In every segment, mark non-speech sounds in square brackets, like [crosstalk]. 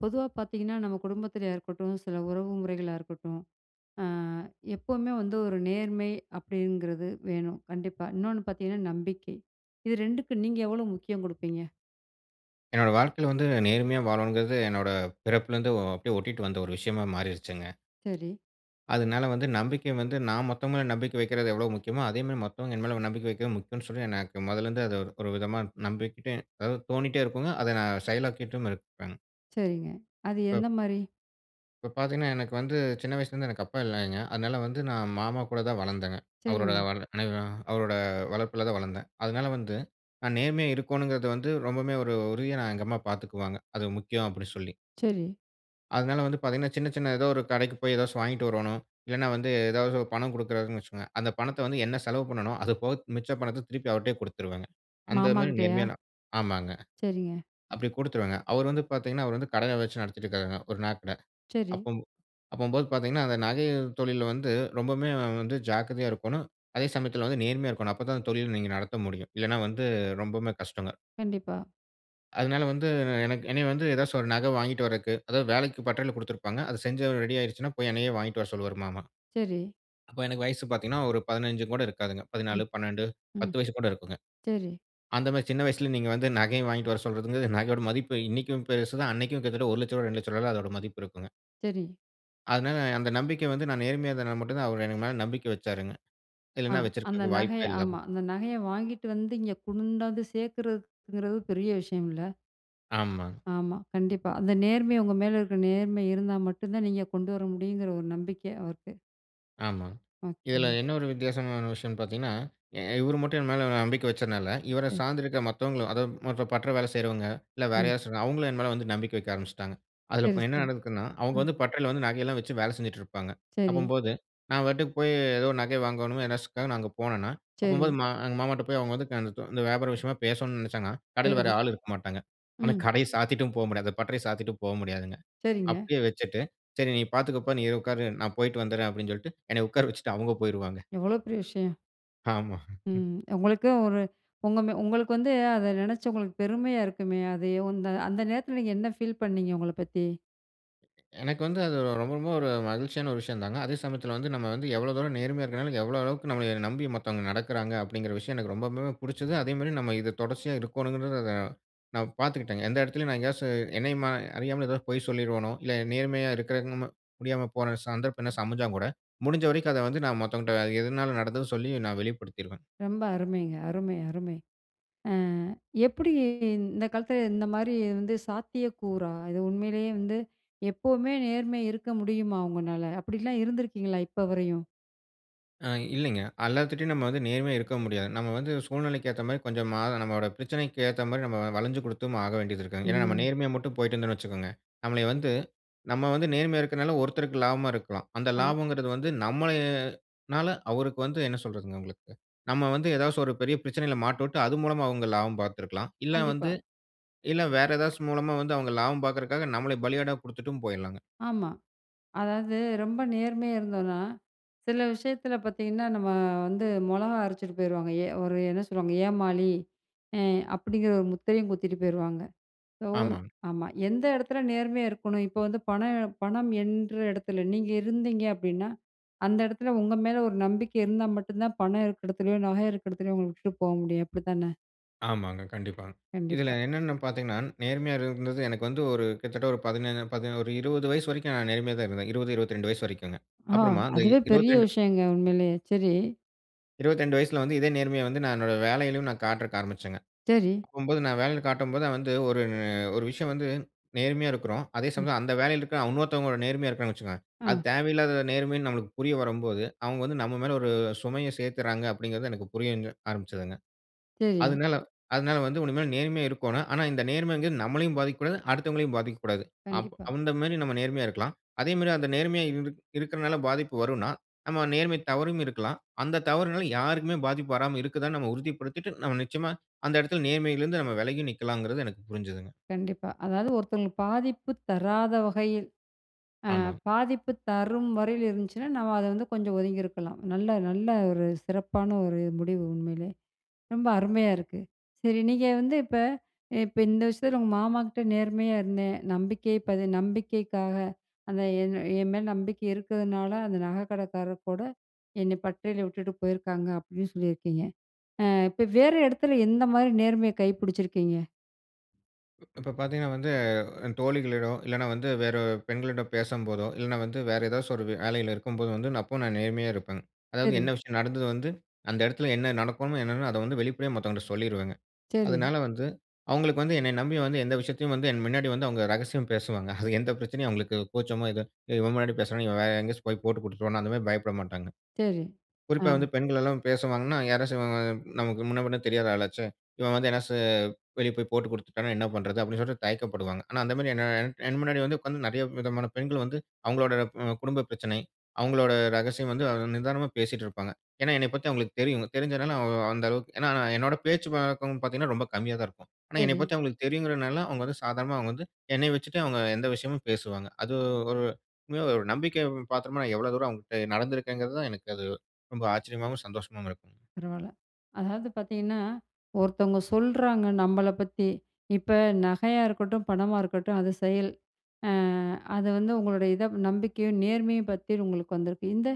பொதுவா பார்த்தீங்கன்னா நம்ம குடும்பத்லயா இருக்கட்டும், சில உறவுமுறைகளா இருக்கட்டும், அ எப்பவுமே வந்து ஒரு நேர்மை அப்டிங்கிறது வேணும், கண்டிப்பா. இன்னொன்னு பார்த்தீங்கன்னா, நம்பிக்கை. இது 2 கும் நீங்க எவ்வளவு முக்கியம் குடுப்பீங்க? என்னோட வாழ்க்கையில வந்து 'நேர்மையா வாழனுங்றது' என்னோட பிறப்புலருந்து அப்டியே ஒட்டிக்கிட்டு வந்த ஒரு விஷயமா மாறிருச்சுங்க. சேரி. அதனால வந்து நம்பிக்கை வந்து நான் மத்தவங்க மேல நம்பிக்கை வைக்கிறது எவ்வளவு முக்கியமோ, அதே மாதிரி மத்தவங்க என் மேல நம்பிக்கை வைக்கிறது முக்கியம்னு சொல்லி, எனக்கு மொதல்லருந்து அது ஒரு விதமா நம்பிக்கிட்டேன் அதாவது தோணிக்கிட்டே இருக்குங்க. அதை நான் செயலாக்கிட்டும் இருப்பேங்க. சேரிங்க. அது இப்ப எந்த மாரி? இப்ப பார்த்தீங்கன்னா எனக்கு வந்து சின்ன வயசுலருந்து எனக்கு அப்பா இல்லைங்க. அதனால வந்து நான் மாமா கூட தான் வளர்ந்தேங்க. அவரோட சேரிங்க. அவரோட வளர்ப்புல தான் வளர்ந்தேன். அதனால வந்து "நான் நேர்மையா இருக்கோனுங்றது" வந்து, ரொம்பவே ஒரு உறுதியா நான் எங்க அம்மா பார்த்துக்குவாங்க. அது முக்கியம் அப்டினு சொல்லி. சேரி. அதனால வந்து பார்த்தீங்கன்னா சின்ன சின்ன ஏதாவது ஒரு கடைக்கு போய் ஏதாசும் வாங்கிட்டு வரோணும். இல்லன்னா வந்து ஏதாவது பணம் குடுக்குறாங்கனு வச்சுக்கோங்க. அந்த பணத்த வந்து என்ன செலவு பண்ணனும்? அது போக மிச்ச பணத்த திருப்பி அவர்ட்டயே குடுத்துருவேங்க. அந்த மாமா மாரி கிட்டயா? நேர்மையா ஆமாங்க. சேரிங்க. அப்டி கொடுத்துருவேங்க. அவர் வந்து பார்த்தீங்கன்னா அவர் வந்து கடையை வச்சு நடத்திக்கிட்டு இருக்றாருங்க ஒரு நகைகட. சேரி. அப்பம்போ அப்பம்போது பார்த்தீங்கன்னா அந்த நகை தொழில்ல வந்து ரொம்பம்மே வந்து ஜாக்கிரதையாக இருக்கோனும். அதே சமயத்ல வந்து நேர்மையா இருக்கோனும். அப்ப தான் தொழில நீங்க நடத்த முடியும். இல்லைன்னா வந்து ரொம்பம்மே கஷ்டங்க. கண்டிப்பா. அதனால வந்து என்க் என்னய வந்து ஏதாச்சு ஒரு நகை வாங்கிட்டு வறக்கு. அதாது வேலைக்கு பட்டறையில குடுத்திருப்பாங்க. அத செஞ்சு ரெடி ஆயிடுச்சுனா. போய் என்னையே வாங்கிட்டு வர சொல்வாரு மாமா. சரி. அப்போ எனக்கு வயசு பார்த்தீங்கன்னா, ஒரு 15 கூட இருக்காதுங்க. ம். 14 12 ம். 10 வயசு கூட இருக்குங்க. சரி. அந்த மாரி சின்ன வயசுல நீங்க வந்து நகைய வாங்கிட்டு வர சொல்றதுக்கு நகையோட மதிப்பு இன்னிக்கும் பெருசுது அன்னிக்கும் கிட்டத்தட்ட ரூ. 1,00,000 ரூ. 2,00,000 அதோட மதிப்பு இருக்குங்க. சரி. அதனால அந்த நம்பிக்க வந்து நான் நேர்மையா இருந்தா மட்டும் தான், அவரு எனக்கு மேல நம்பிக்கை வச்சாருங்க. ஆ. இல்லனா அந்த வச்சிருக்கறதுக்கு நகைய. வாய்ப்பே ஆமா இல்லாம அந்த நகையை வாங்கிட்டு வந்து இங்கே குண்டாந்து சேர்க்கறதுக்குங்கிறது பெரிய விஷயம்ல. ஆமாங்க. ஆமா. கண்டிப்பா. அந்த நேர்மை உங்க மேல இருக்கிற நேர்மை இருந்தா மட்டும் தான் நீங்க கொண்டு வர முடியுங்கிற ஒரு நம்பிக்கை அவருக்கு. ஆமாங்க. இதுல ஓகே. என்ன ஒரு வித்தியாசமான விஷயம்னு பார்த்தீங்கன்னா. இவர் மட்டும் என் மேல நம்பிக்க வச்சனால, இவர ம். சார்ந்து இருக்க மத்தவங்களும், அதாவது மற்ற பற்ற வேல செய்றவங்க இல்ல, வேற ம். யாராச்சுங்க அவங்களும் என் மேல வந்து நம்பிக்க வைக்க ஆரம்பிச்சிட்டாங்க. அதுல சரி, இப்ப என்ன சரி. நடக்குதுன்னா, அவங்க ம் வந்து பட்டறையில வந்து நகை எல்லாம் வச்சி வேல செஞ்சிட்டு இருப்பாங்க. சரி. அப்பம்போது, நான் பாட்டுக்கு போய் ஏதோ நகை வாங்கணும் எனசுக்கா நான் அங்க போனேன்னா. சரி. அப்பம்போது மா எங்க மாமாட்ட போய் அவங்க வந்து இந்த [unintelligible] வியாபாரம் விஷயமா பேசணுனு நினச்சாங்கனா. கடையில வேற சரி. ஆள் இருக்க மாட்டாங்க. ஆனா, ம். கடைய சாத்திட்டு போ முடியாது. அந்த பட்டறைய சாத்திட்டு போ முடியாதுங்க. சரிங்க. அப்டியே வச்சிட்டு "சரி நீ பார்த்துக்கோ பா நீ உட்காரு. நான் போய்ட்டு வந்துடுறேன் அப்டினு சொல்லிட்டு என்னைய உட்கார வச்சிட்டு அவங்க போய்ருவாங்க. எவ்ளோ பெரிய விஷயம். ஆமா. ம். உங்களுக்கும் ஒரு உங்க ம உங்களுக்கு வந்து, அத நெனைச்சு உங்களுக்கு பெருமையா இருக்குமே? அது ஒ அந்த- அந்த நேரத்துல நீங்க என்ன ஃபீல் பண்ணீங்க உங்கள பத்தி? எனக்கு வந்து அது ரொம்ப ரொம்ப ஒரு மகிழ்ச்சியான ஒரு விஷயந்தாங்க. அதே சமயத்தில வந்து நம்ம வந்து எவ்வள தூரம் நேர்மையா இருக்கனால, எவ்ளோ அளவுக்கு நம்மள நம்பி மத்தவங்க நடக்கிறாங்க, அப்டிங்கிற விஷயம் எனக்கு ரொம்பவுமே புடுச்சது. அதேமாரி நம்ம இத தொடர்ச்சியா இருக்கோணுங்கிறது அத நான் பாத்துக்கிட்டேங்க. எந்த எடத்திலயும் நான் எங்கேயாச்சு, என்னையுமா அறியாமல எதோ பொய் சொல்லிருவனோ! இல்ல நேர்மையா இருக்கிறக்கு நம்ம முடியாம போற சந்தர்ப்பம் என்னாச்சு அமஞ்சாங்கூட, முடிஞ்ச வரைக்கும் அத வந்து நான் மத்தவங்கட்ட, எதுனால நடந்ததுன்னு சொல்லி நான் வெளிப்படுத்திருவேன். ரொம்ப அருமைங்க! அருமை! அருமை! அ எப்பிடி இந் இந்த காலத்தில, இந்தமாரி வந்து சாத்தியக்கூறா? இது உண்மைலயே வந்து எப்பவுமே நேர்மை இருக்க முடியுமா? உங்கனால, அப்டிலாம் இருந்திருக்கீங்களா இப்ப வரையும்? ஆ இல்லீங்க! அல்லாத்துட்டயும் நம்ம வந்து நேர்மையா இருக்கவும் முடியாது. நம்ம வந்து சூழ்நிலைக்கு ஏத்தமாரி கொஞ்சம் மாற நம்மவோட பிரச்சனைக்கு ஏத்தமாரி நம்ம வளஞ்சு குடுத்தும் ஆக வேண்டியது இருக்குங் ஏன்னா, நம்ம ம். நேர்மையா மட்டும் போய்ட்டு இருந்தோன்னு வச்சிக்கோங்க, நம்மளய வந்து நம்ம வந்து நேர்மையா இருக்கனால ஒருத்தருக்கு லாபமா இருக்கலாம். அந்த ஆமா. லாபம்ங்கிறது வந்து நம்மளய னால அவருக்கு வந்து, என்ன சொல்றதுங்க உங்களுக்கு? நம்ம வந்து, எதாச்சும் ஒரு பெரிய பிரச்சனையில மாட்டவுட்டு, அது மூலமா அவுங்க லாபம் பாத்துருக்கலாம். இல்ல கண்டிப்பா. வந்து இல்ல வேற ஏதாச்சு மூலமா வந்து அவுங்க லாபம் பாக்குறக்காக, நம்மள பலியாடா குடுத்துட்டும் போயிர்லாங்க. ஆமா. அதாவது ரொம்ப நேர்மையா இருந்தோன்னா! சில விஷயத்தில பாத்தீங்கன்னா, நம்ம வந்து மொளகா அரச்சுட்டு போயிருவாங்க. ஏ ஒரு என்ன சொல்லுவாங்க? "ஏமாளி" அ அப்பிடிங்கிற ஒரு முத்திரையும் குத்திட்டு போயிருவாங்க. இப்போ ஒரு ஆமாங் ஆமா. எந்த எடத்தில நேர்மையா இருக்கணும் இப்ப வந்து பண எ பணம் எண்ற எடத்தில, நீங்க இருந்தீங்க அப்டின்னா, அந்த எடத்ல உங்க மேல ஒரு நம்பிக்கை இருந்தா மட்டும் தான் பணம் இருக்க எடத்துலயோ, நகை இருக்க எடத்துலயோ, உங்கள விட்டுட்டு போ முடியும் அப்பிடி தான? ஆமாங்க. கண்டிப்பா. இதில, கண்டிப்பா. என்னென்னு பாத்தீங்கனா, நேர்மையா இருந்தது, எனக்கு வந்து ஒரு கிட்டத்தட்ட, ஒரு 17, 18 ஒரு 20 வயசு வரைக்கும், நான் நேர்மையாதா இருந்தேன். 20, 22 வயது வரைக்குங்க. ஆ. அப்புறமா, அந்த அதுவே பெரிய 22 விஷயங்க, உண்மையிலேயே. சரி. 22 வயசுல வந்து, இதே நேர்மைய வந்து, நான் என்னோட வேலையிலேயும், நான் காட்டுறதுக்கு ஆரம்பிச்சேங்க. செரி. அப்பம்போது, நான் வேலையில காட்டும்போது வந்து, ஒரு அ ஒரு விஷயம் வந்து நேர்மையா இருக்குறோம். அதே ம். சமயத்துல, அந்த வேலையில இருக்கிற இன்னொருத்தவங்க நேர்மையா இருக்கிறாங்கன்னு வச்சுக்கோங்க, அது அ. தேவையில்லாத நேர்மைன்னு நம்மளுக்கு புரிய வரும்போது, அவங்க வந்து நம்ம மேல ஒரு சுமைய சேர்த்துடுறாங்க அப்படிங்கிறது, எனக்கு புரியங்க ஆரம்பித்ததுங்க. செரி. அதுனால அதுனால வந்து உனிமேல் நேர்மையா இருக்கோணும். ஆனா, இந்த நேர்மைங்கறது நம்மளையும் பாதிக்கக்கூடாது, அடுத்தவங்களையும் பாதிக்கக்கூடாது. அப் கண்டிப்பா. அந்த மேரி நம்ம நேர்மையா இருக்கலாம். அதே மாரி, அந்த நேர்மையா இருக் இருக்கிறனால பாதிப்பு வரும்னா, நம்ம நேர்மை தவறும் இருக்கலாம். அந்த தவறினால யாருக்குமே பாதிப்பு வராம இருக்குதானு, நம்ம உறுதிப்படுத்திட்டு, நம்ம நிச்சயமா, அந்த இடத்தில நேர்மையில இருந்து, நம்ம விலகியும் நிக்கலாங்கறது, எனக்கு புரிஞ்சதுங்க. கண்டிப்பா. அதாவது, ஒருத்தவங்களுக்கு பாதிப்பு தராத வகையில் அ, ஆமாங்க. பாதிப்பு தரும் வகையில் இருந்துச்சுனா, நம்ம அத வந்து கொஞ்ச ஒதுங்கியிருக்கலாம். நல்ல, நல்ல ஒரு சிறப்பான ஒரு முடிவு, உண்மையிலே. ரொம்ப அருமையா இருக்கு. சரி, நீங்க வந்து இப்ப, இப்ப இந்த விஷயத்தில, உங்க மாமா கிட்ட நேர்மையா இருந்தேன். நம்பிக்கை பது நம்பிக்கைக்காக அந்த என் அ என் மேல நம்பிக்கை இருக்கிறதுனால, அந்த நகைக்கடைக்காரர் கூட, என்னை பட்டறைல விட்டுட்டு போயிருக்காங்க. அப்படீன்னு சொல்லியிருக்கீங்க. அ, இப்ப வேற இடத்தில, எந்த மாரி நேர்மைய கடைபிடுச்சிருக்கீங்க? இப்ப பார்த்தீங்கன்னா வந்து, அ தோழிகளிடம் இல்லனா வந்து, வேற அ பெண்களிடம் பேசம்போதோ, இல்லனா வந்து வேற ஏதாச்சும் ஒரு வேலையில இருக்கும்போது வந்து அப்போவும் நான் நேர்மையா இருப்பன்ங்க. அதாவது என்ன சரி. விஷயம் நடந்துது வந்து அந்த இடத்துல என்ன நடக்குமோ என்னனா அத வந்து வெளிப்படையா மத்தவங்க கிட்ட சொல்லீருவேங்க. சரி. அதனால வந்து அவங்களுக்கு வந்து என்னைய நம்பி வந்து எந்த விஷயத்தையும் வந்து என் முன்னாடி வந்து அவங்க ரகசியம் பேசுவாங்க [snorts] அது எந்த பிரச்சனையும் அவங்களுக்கு கூச்சமோ "ஏதோ இவன் முன்னாடி பேசுறோம் இவன் வேறு எங்கேயாச்சு போய் போட்டு குடுத்துருவானோ" அந்த மாரி பயப்பட மாட்டாங்க. சரி. குறிப்பா ஆ. வந்து பெண்கள் எல்லாம் பேசுவாங்கன்னா யாராச்சு நமக்கு முன்ன பின்ன தெரியாத ஆளாச்சே. இவன் வந்து எ ச ஏதாச்சு வெளி போய் போட்டுக் குடுத்துட்டானா என்ன பண்றது? அப்டின்னு சொல்லிட்டு தய்க்க படுவாங்க. ஆனா, அந்த மாரி என் என் என் முன்னாடி வந்து உட்கார்ந்து நிறைய விதமான பெண்கள் வந்து அவங்களுடைய ம் குடும்ப பிரச்சனை, அவங்களுடைய ரகசியம் வந்து நிதானமா பேசிட்டிருப்பாங்க. ஏனா என்னைய பத்தி அவங்களுக்கு தெரியும். தெரிஞ்சதுனால அவ் அந்த அளவுக்கு ஏனா, என்னோட பேச்சு வழக்கம் பார்த்தீங்கன்னா, ரொம்ப கம்மியா தான் இருக்கும். ஆனா, என்னைய சரி. பத்தி அவங்களுக்கு தெரியுங்கிறனால அவங்க வந்து சாதாரணமா அவங்க வந்து என்னைய வச்சுட்டு அவங்க எந்த விஷயமும் பேசுவாங்க. அது ஒரு உண்மையா ஒரு நம்பிக்கை பாத்திரமா நான் எவ்ளோ தூரம் அவங்க கிட்ட நடந்திருக்கேங்கிறது தான், எனக்கு அது ரொம்ப ஆச்சரியமாவும், சந்தோஷமாவும் இருக்கும். பரவால்ல. அதாவது பார்த்தீங்கன்னா, ஒருத்தவங்க சொல்றாங்க நம்மள பத்தி. இப்ப நகையா இருக்கட்டும், பணமா இருக்கட்டும் அது செயல். அ அது வந்து உங்களோடைய இத நம்பிக்கையும், நேர்மையும் பத்தி உங்களுக்கு வந்திருக்கு. இந்த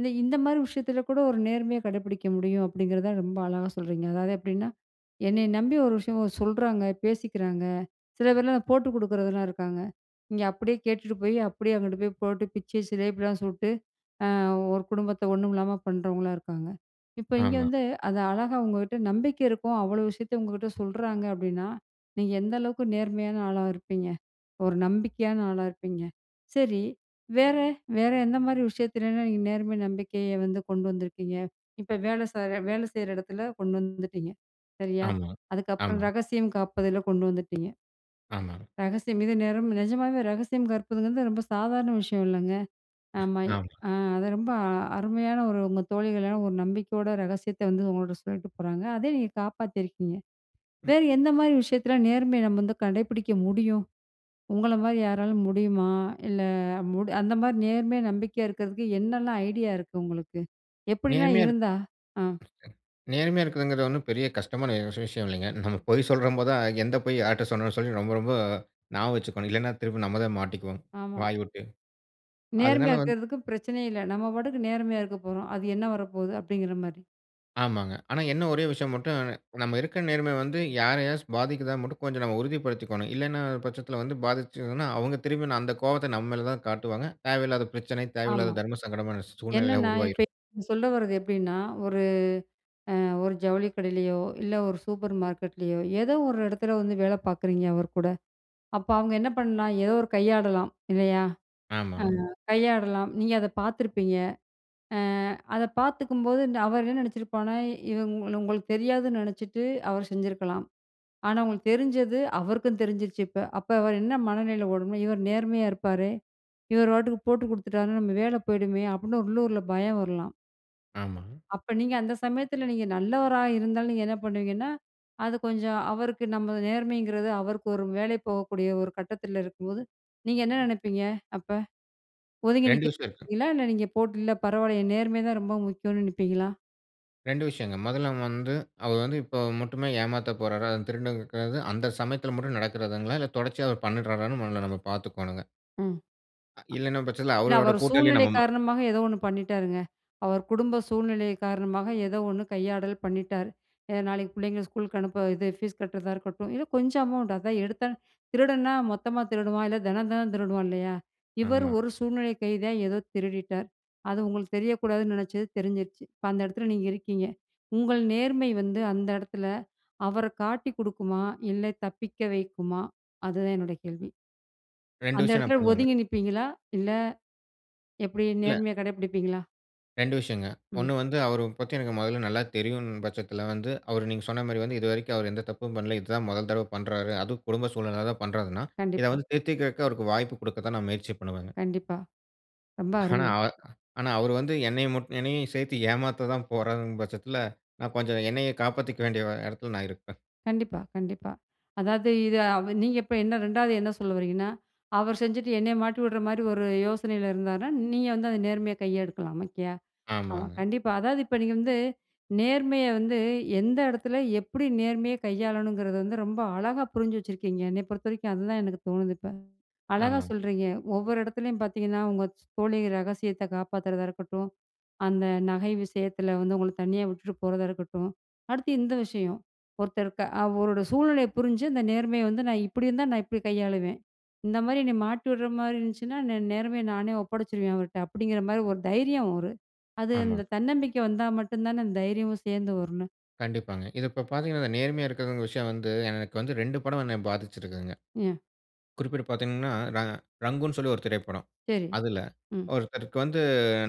இந் இந்த மாரி விஷயத்துல கூட ஒரு நேர்மைய கடைபிடிக்க முடியும் அப்டிங்கிறதான் ரொம்ப அழகா சொல்றீங்க. அதாவது எப்டின்னா, "என்னைய நம்பி ஒரு விஷயம் சொல்றாங்க, பேசிக்கிறாங்க" சில பேர்லாம் போட்டு குடுக்குறதலாம் இருக்காங்க. இங்க அப்டியே கேட்டுட்டு போய் அப்டியே அங்கிட்டு போய் போட்டு பிச்சு சிலேப்பிலாம் சுட்டு, ஆ ஒரு குடும்பத்த ஒண்ணும் இல்லாம பண்றவங்களாம் இருக்காங்க. இப்ப இங்க ஆமா. வந்து அத அழகா உங்ககிட்ட நம்பிக்க இருக்கும். அவ்ளோ விஷயத்த உங்ககிட்ட சொல்றாங்க அப்டின்னா, நீங்க எந்த அளவுக்கு நேர்மையான ஆளா இருப்பீங்க? ஒரு நம்பிக்கையான ஆளா இருப்பீங்க? சரி வேற வேற எந்த மாரி விஷயத்துலலாம் நீங்க நேர்மை நம்பிக்கைய வந்து கொண்டு வந்துருக்கீங்க. இப்ப வேலை செய்யற வேலை செய்ற இடத்துல கொண்டு வந்துட்டீங்க. சரியா? ஆமா. அதுக்கப்புறம் ஆமா. ரகசியம் காப்பதில கொண்டு வந்துட்டீங்க. ஆமாங்க. ரகசியம் இது நேம் நிஜமாவே ரகசியம் காற்பதுங்கிறது ரொம்ப சாதாரண விஷயம் இல்லங்க. ஆமா, ஆமா. அ அத ரொம்ப அருமையா ஒரு உங்க தோழிகளான ஒரு நம்பிக்கையோட ரகசியத்த வந்து உங்கள்ட சொல்லிட்டு போறாங்க. அதே நீங்க காப்பாத்தியிருக்கீங்க. ம். வேறு எந்த மாரி விஷயத்துல நேர்மைய நம்ம வந்து கடைபிடிக்க முடியும்? உங்கள மாரி யாரால முடியுமா? இல்ல மு அந்த மாரி நேர்மையா, நம்பிக்கையா இருக்கிறதுக்கு என்னலாம் ஐடியா இருக்கு உங்களுக்கு? எப்டிலாம் நேர்மையா இருந்தா? ஆ. நேர்மையா இருக்கிறதுங்குறது ஒன்னும் பெரிய கஷ்டமான விஷயம் இல்லீங்க. நம்ம பொய் சொல்றம் போது தான், எந்த பொய் யார்ட்ட சொல்லணும்னு சொல்லி ரொம்ப ரொம்ப ஞாபகம் வச்சிக்கனும். இல்லனா திரும்ப நம்ம தான் மாட்டிக்குவோம். ஆமா. வாய் விட்டு. அதனால நேர்மையா வந்து இருக்கிறதுக்கு பிரச்சனையே இல்ல. நம்ம பாட்டுக்கு நேர்மையா இருக்கப் போறோம். அது என்ன வரப்போது அப்டிங்கிற மாரி. ஆமாங்க. ஆனா என்ன ஒரே விஷயம் மட்டும் [unintelligible] நம்ம இருக்க நேர்மை வந்து யாரையாச்சும் பாதிக்குதா மட்டும் கொஞ்சம் நம்ம உறுதிப்படுத்திக்கணும். இல்லேன்ற பட்சத்தில வந்து பாதிச்சதுன்னா, அவங்க திரும்பி அந்த கோவத்த நம்ம மேல தான் காட்டுவாங்க. தேவையில்லாத பிரச்சனை, ஆமா. தேவையில்லாத தர்ம சங்கடமான சூழ்நிலையிலாம் என்னன்னா, இப்ப உருவாயிரும். [unintelligible] சொல்ல வரது எப்டின்னா, ஒரு அ, ஒரு ஜவுளி கடையிலயோ, இல்ல ஒரு சூப்பர் மார்க்கெட்லயோ, ஏதோ ஒரு இடத்துல வந்து வேல பாக்குறீங்க அவர்கூட, அப்ப அவங்க என்ன பண்லாம் ஏதோ ஒரு கையாடலாம் இல்லயா! அ, ஆமாங்க. கையாடலாம் நீங்க அத பாத்துருப்பீங்க. அ, அத பாத்துக்கும்போது, இந்த அவர் என்ன நெனச்சிருப்பானா இவன் உங்களுக்கு தெரியாதுன்னு நினச்சுட்டு, அவர் செஞ்சுருக்கலாம். ஆனா, உங்களுக்கு தெரிஞ்சது அவருக்கும் தெரிஞ்சிருச்சு இப்ப, அப்ப அவர் என்ன மனநிலை ஓடும்னா, "இவரு நேர்மையா இருப்பாரே, இவரு பாட்டுக்கு போட்டு கொடுத்துட்டார்ன்னா, நம்ம வேல போயிடுமே" அப்டின்னு உள்ளூர்ல பயம் வரலாம். ஆமாங்க. அப்ப நீங்க அந்த சமயத்துல நீங்க நல்லவரா இருந்தாலும் நீங்க என்ன பண்ணுவீங்கன்னா, அது கொஞ்சம் அவருக்கு நம்ம நேர்மைங்கிறது அவருக்கு ஒரு வேலை போகக்கூடிய ஒரு கட்டத்துல இருக்கும்போது, நீங்க என்ன நினைப்பீங்க? அப்ப ஒதுங்கி 2 நிக்க விஷயம் இருக்கு. நினைப்பீங்களா? இல்ல நீங்க போட்டு இல்ல பரவால்லயே நேர்மை தான் ரொம்ப முக்கியோன்னு நிப்பீங்களா? 2 விஷயங்க. முதல்ல வந்து, அவரு வந்து இப்ப மட்டுமே ஏமாத்தப் போறாரா? அதும் திருடுனதுக்கு [unintelligible] அந்த சமயத்துல மட்டும் நடக்குறதுங்களா? இல்ல தொடர்ச்சியா அவரு பண்ணிட்றாரான்னு முதல நம்ம பார்த்துக்கோணுங்க. ம். அ அ இல்லன்னும் பச்சத்தில, இல்ல, அவரோட அவரு கூட்டளியா சூழ்நிலை நம்ம மா காரணமாக ஏதோ ஒண்ணு பண்ணிட்டாருங்க. அவர் குடும்ப சூழ்நிலைய காரணமாக ஏதோ ஒண்ணு கையாடல் பண்ணிட்டாரு. அ நாளைக்கு பிள்ளைங்கள ஸ்கூலுக்கு அனுப்ப, இது ஃபீஸ் கட்டுறதா இருக்கட்டும், இல்ல கொஞ்சம் அமௌண்ட், அதான் எடுத்தாலும், திருடன்னா மொத்தமாக திருடுவான். இல்ல, தினம் தினம் திருடுவான் இல்லையா? இவரு ஆமா. ஒரு சூழ்நிலை கைதியா ஏதோ திருடிட்டார். அது உங்களுக்கு தெரியக்கூடாதுன்னு நெனைச்சது, தெரிஞ்சிருச்சு. இப்போ, அந்த இடத்தில நீங்க இருக்கீங்க. உங்கள் நேர்மை வந்து, அந்த இடத்தில அவர காட்டிக் குடுக்குமா, இல்லை தப்பிக்க வைக்குமா? அதுதான் என்னோட கேள்வி. 2 அந்த விஷயம் நான் எடத்துல பண்ணுவேங்க. ஒதுங்கி நிப்பீங்களா? இல்ல. எப்பிடி இல்ல. நேர்மைய கடை பிடிப்பீங்களா? 2 விஷயங்க. ம். ஒண்ணு வந்து, அவர பத்தி எனக்கு மொதல்ல நல்லா தெரியுன்னு பச்சத்தில வந்து, அவரு நீங்க சொன்னா மாரி வந்து இதுவரைக்கும் அவர் எந்த தப்பும் பண்ல. இது தான் மொதல் தடவை பண்றாரு. அதும் குடும்ப சூழ்நிலைனாலதான் பண்றாருன்னா, இத கண்டிப்பா. வந்து திருத்திக்குறதுக்கு, அவருக்கு வாய்ப்பு குடுக்க தான், நான் முயற்சி பண்ணுவேங்க. கண்டிப்பா. ரொம்ப ஆனா, அருமை. அ ஆனா, அவரு வந்து என்னைய முட் என்னையயும் சேத்து ஏமாத்த தான் போறாருங்கும் பச்சத்தில, நான் கொஞ்சம் என்னைய காப்பாத்திக்க வேண்டிய எடத்தில நான் இருப்பேன். கண்டிப்பா, கண்டிப்பா! அதாவது, இதை அவ நீங்க இப்ப என்ன ரெண்டாவது என்ன சொல்ல வரீங்கன்னா, அவர் செஞ்சுட்டு என்னைய மாட்டி விடுற மாரி ஒரு யோசனையில இருந்தார்னா, நீங்க வந்து அத நேர்மையா கையெடுக்கலாம், ஓகேயா? ஆமா, ஆமாங்க. கண்டிப்பா. அதாவது இப்போ நீங்க வந்து நேர்மைய வந்து, எந்த எடத்தில, எப்புடி நேர்மைய கையாளணுங்கிறது வந்து, ரொம்ப அழகா புரிஞ்சு வச்சுருக்கீங்க. என்னை பொறுத்த வரைக்கும், அதுதான் எனக்கு தோணுது, இப்ப. அழகா ஆமாங்க. சொல்றீங்க, ஒவ்வொரு எடத்துலயும் பாத்தீங்கன்னா, உங்க ச் தோழி ரகசியத்தை காப்பாத்துறதா இருக்கட்டும், அந்த நகை விஷயத்துல வந்து, உங்கள தனியா விட்டுட்டு போறதா இருக்கட்டும், அடுத்து இந்த விஷயம். ஒருத்தர் க்க அவரோட சூழ்நிலைய புரிஞ்சு, அந்த நேர்மைய வந்து “நான் இப்படி இருந்தா, நான் இப்டி கையாளுவேன். இந்த மாரி நீ மாட்டி விடுற மாரி இருந்துச்சுன்னா, நே நேர்மையா நானே ஒப்படைச்சுருவேன் அவர்ட்ட!” அப்படிங்கிற மாரி ஒரு தைரியம் ஒரு அது அந்த ஆமா. தன்னம்பிக்கை வந்தா மட்டுந்தானே, தைரியமும் சேந்து வரும், என்ன? கண்டிப்பாங்க. இத இப்ப பார்த்தீங்கன்னா, இந்த நேர்மையா இருக்கிறவங்க விஷயம் வந்து எனக்கு வந்து 2 படம் என்ன பாதிச்சிருக்குதுங்க. ம். குறிப்பிட்டு பாத்தீங்கன்னா, ர ரங்குன்னு சொல்லி ஒரு திரைப்படம். சரி, "அதில ம். ஒருத்தருக்கு வந்து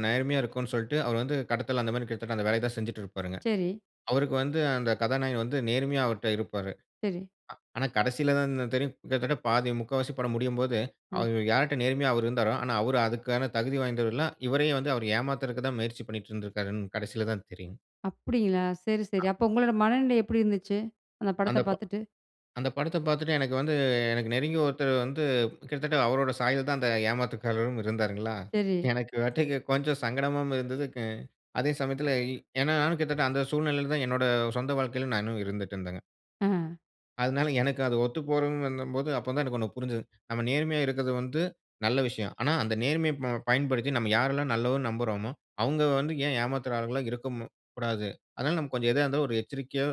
நேர்மையா இருக்கனு சொல்ட்டு அவரு வந்து கடத்தல் அந்தமாரி கிட்டத்தட்ட அந்த வேலைய தான் செஞ்சிட்டு இருப்பாருங்க. சரி. அவருக்கு வந்து அந்த கதாநாயகன் வந்து நேர்மையா அவர்ட்ட இருப்பாரு. அ. சரி. ஆனா கடைசில தான் தெரியும். கிட்டத்தட்ட பாதி முக்காவாசி படம் முடியும்போது, ம். அவர் யார்ட்ட நேர்மையா அவரு இருந்தாரோ! ஆனா அவரு அதுக்கான தகுதி வாய்ந்தவரு இல்ல. இவரையும் வந்து அவரு ஏமாத்துறதுக்குதான் முயற்சி பண்ணிட்டு இருந்திருக்காருன்னு கடைசில தான் தெரியும்." அப்பிடிங்களா! சரி, சரி. அ. அப்போ உங்களோட மனநிலை எப்பிடி இருந்துச்சு? அந்த படத்த "அந்த ப பாத்துட்டு? அந்த படத்த பாத்துட்டு எனக்கு வந்து எனக்கு நெருங்கிய ஒருத்தரு வந்து கிட்டத்தட்ட அவரோட சாயல்தான் அந்த ஏமாத்துக்காரரும் இருந்தாருங்களா?" சரி. எனக்கு வட்டிக்கு கொஞ்சம் சங்கடமாவும் இருந்தது. அ அதே சமயத்தில ஏன்னா, நானும் கிட்டத்தட்ட அந்த சூழ்நிலையில தான் என்னோட சொந்த வாழ்க்கையில நான் இன்னும் இருந்துடட்டு இருந்தங்க. ஆ. அதனால எனக்கு அது ஒத்துப்போறன்னு வந்தம்போது அப்ப தான் எனக்கொண்ணு புரிஞ்சது. நம்ம நேர்மையா இருக்கது வந்து நல்ல விஷயம். "ஆனா, அந்த நேர்மைய ப பயன்படுத்தி நம்ம யாரெல்லாம் நல்லவர்ன்னு நம்புறோமோ! அவுங்க வந்து ஏன் ஏமாத்துற ஆளுகளா இருக்கமு கூடாது. அதனால நம்ம கொஞ்சம் எதா இருந்தாலும் ஒரு எச்சரிக்கையோ!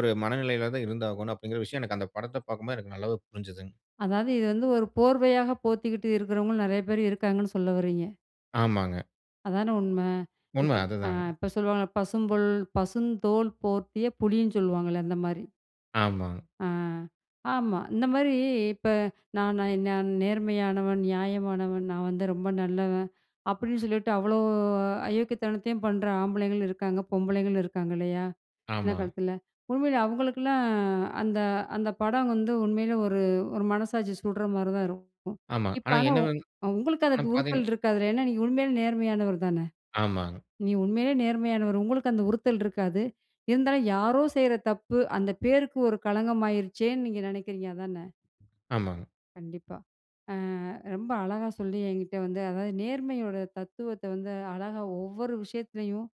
ஒரு மனநிலையில தான் இருந்தாகணும்," அப்பிடிங்கிற விஷயம் எனக்கு அந்த படத்த பார்க்கும்போது எனக்கு நல்லவே புரிஞ்சதுங்க. அதாவது இது வந்து ஒரு போர்வையாக போத்திக்கிட்டு இருக்கிறவங்களும் நெறைய பேர் இருக்காங்கன்னு சொல்ல வரீங்க. ஆமாங்க. அதானே உண்மை. இப்ப உண்மை. அ அதுதாங்க. இப்ப சொல்லுவாங்கல, பசுந்தோல் பசுந்தோல் போர்த்திய புலின்னு சொல்லுவாங்கல்ல, அந்த மாரி. ஆமாங்க. ஆ. ஆமா. இந்த மாரி, இப்ப நான் நான் நான் நேர்மையானவன், நியாயமானவன், நான் வந்து ரொம்ப நல்லவன், அப்டின்னு சொல்லிட்டு, அவ்ளோ அயோக்கியத்தனத்தையும் பண்ற ஆம்பளைங்களும் இருக்காங்க. பொம்பளைங்களும் இருக்காங்க. இல்லையா? இந்த ஆமாங்க. காலத்துல. உண்மையிலே அவுங்களுக்ல்லாம், அந்த அந்த படம் வந்து உண்மையிலே, ஒரு ஒரு மனசாட்சி சுட்ற மாரி தான் இருக்கும். ஆமா. இப்ப ஆனா ஆனா, என்ன உ வந்து உங்களுக்கு அந்த ஆனா, பார்த்தீங்கன்னா உறுத்தல் இருக்காதுல. ஏன்னா, நீங்க உண்மையிலே நேர்மையானவர் தானே? ஆமாங்க. நீ உண்மையிலேயே நேர்மையானவர். உங்களுக்கு அந்த உறுத்தல் இருக்காது. இருந்தாலும், யாரோ செய்ற தப்பு. அந்த பேருக்கு ஒரு களங்கம் ஆகிருச்சேனு நீங்க நெனைக்கிறீங்க, அதானே? ஆமாங்க. கண்டிப்பா. அ ரொம்ப அழகா சொல்லி என்கிட்டே வந்து அதாவது நேர்மையோட தத்துவத்த வந்து அழகா, ஒவ்வொரு விஷயத்துலயும்,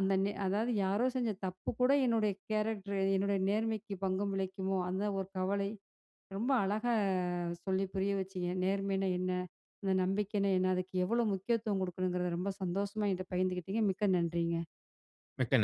அந்த நெ அதாவது யாரோ செஞ்ச தப்பு கூட, என்னுடைய கேரக்டர் என்னுடைய நேர்மைக்கு பங்கம் விளைக்குமோ? அந்த ஒரு கவலை, ரொம்ப அழகா சொல்லி புரிய வச்சீங்க. நேர்மைனா என்ன? அந்த நம்பிக்கைனா என்ன? அதுக்கு எவ்வளோ முக்கியத்துவம் கொடுக்கணுங்றத ரொம்ப சந்தோஷமா என்கிட்ட பகிர்ந்துகிட்டிங்க. மிக்க நன்றிங்க. மிக்க ந